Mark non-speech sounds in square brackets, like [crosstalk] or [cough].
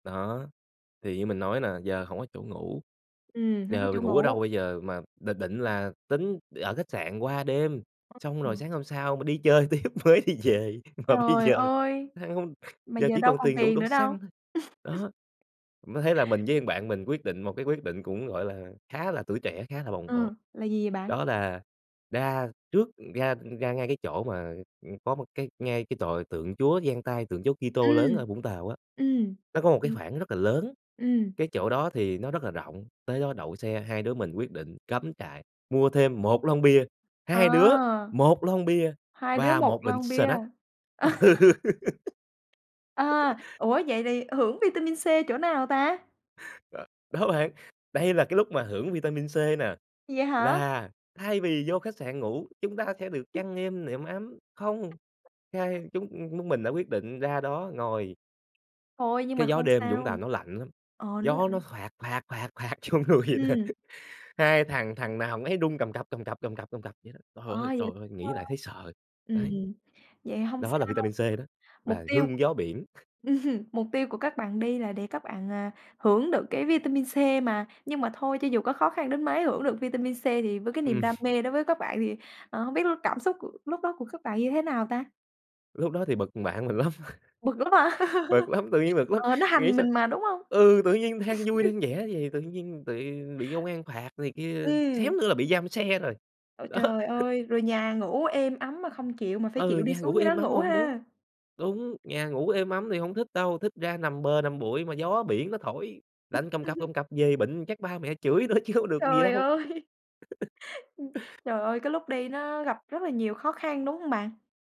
Đó, thì như mình nói nà giờ hổng có chỗ ngủ, Ừm, hông có giờ chỗ mình ngủ ở đâu ngủ. bây giờ mà định định là tính ở khách sạn qua đêm, [unintelligible] xong rồi ừm. sáng hôm sau mà đi chơi tiếp mới đi về, mà bây Trời giờ ơi! ha hông Mà giờ giờ chỉ đâu còn còn tiền đủ tiền đổ nữa đâu. xăng thôi, [laughs] đó. Mới thấy là mình với thằng bạn mình quyết định một cái quyết định cũng, gọi là, khá là tuổi trẻ, khá là bồng bột, Ừm, là gì vậy bạn? đó là ra trước ra ra ngay cái chỗ mà, ừm, có một cái ngay cái tòa tượng Chúa dang tay, tượng Chúa Kitô Ừm, lớn ở Vũng Tàu á, ừm, nó có một ư, cái khoảng rất là lớn, ừm. cái chỗ đó thì nó rất là rộng, tới đó đậu xe, hai đứa mình quyết định cắm trại, mua thêm 1 lon bia, 2 đứa À, 1 lon bia 2 đứa và 1 1 bịch lon bia. snack, ừ. [laughs] [laughs] À, ủa vậy thì hưởng vitamin C chỗ nào ta? Ừ, đó bạn, đây là cái lúc mà hưởng vitamin C nè, Vậy hả? là thay vì vô khách sạn ngủ, chúng ta sẽ được [coughs] chăn êm nệm ấm. Không! Hai chúng chúng mình đã quyết định ra đó ngồi. Thôi nhưng mà Cái gió không đêm Vũng Tàu sao. nó lạnh lắm, Ờ, nó gió lạnh. nó phạt phạt phạt phạt vô người vậy nè, Ừm. hai thằng thằng nào thằng nấy run cầm cập, cầm cập, cầm cập, cầm cập vậy đó. Trời Ờ, ơi, trời vậy ơi, nghĩ lại [unintelligible] thấy sợ, Ừm, đấy. vậy hông Đó là sao, vitamin C đó, mục là tiêu c hương gió biển. [chuckles] [chuckles] mục tiêu của các bạn đi là để các bạn, à, hưởng được cái vitamin C mà, nhưng mà thôi cho dù có khó khăn đến mấy, hưởng được vitamin C thì với cái niềm đam [chuckles] mê đối với các bạn thì, ờ, hông biết l cảm xúc của lúc đó của các bạn như thế nào ta? Lúc đó thì bực thằng bạn mình lắm, Bực lắm hả? [chuckles] bực lắm, tự nhiên [chuckles] bực lắm, Ờ, nó nghĩ hành sao mình mà, đúng hông? ừ, tự nhiên đang vui [chuckles] đang vẻ vầy tự nhiên tị bị công an phạt này kia, Ừm. xém nữa là bị giam xe rồi, Ôi đó. trời [chuckles] ơi! Rồi nhà ngủ êm ấm mà không chịu mà phải Ừ, chịu đi nhà xuống ngủ dưới đó êm ấm ngủ hông muốn ha. đúng, nhà ngủ êm ấm thì hông thích đâu, thích ra nằm bờ nằm bụi mà gió biển nó thổi, lạnh cầm cập [chuckles] cầm cập về bệnh chắc ba mẹ chửi nữa chứ không được gì Trời đâu. ơi! [laughs] [chuckles] Trời ơi, cái lúc đi nó gặp rất là nhiều khó khăn, đúng hông bạn?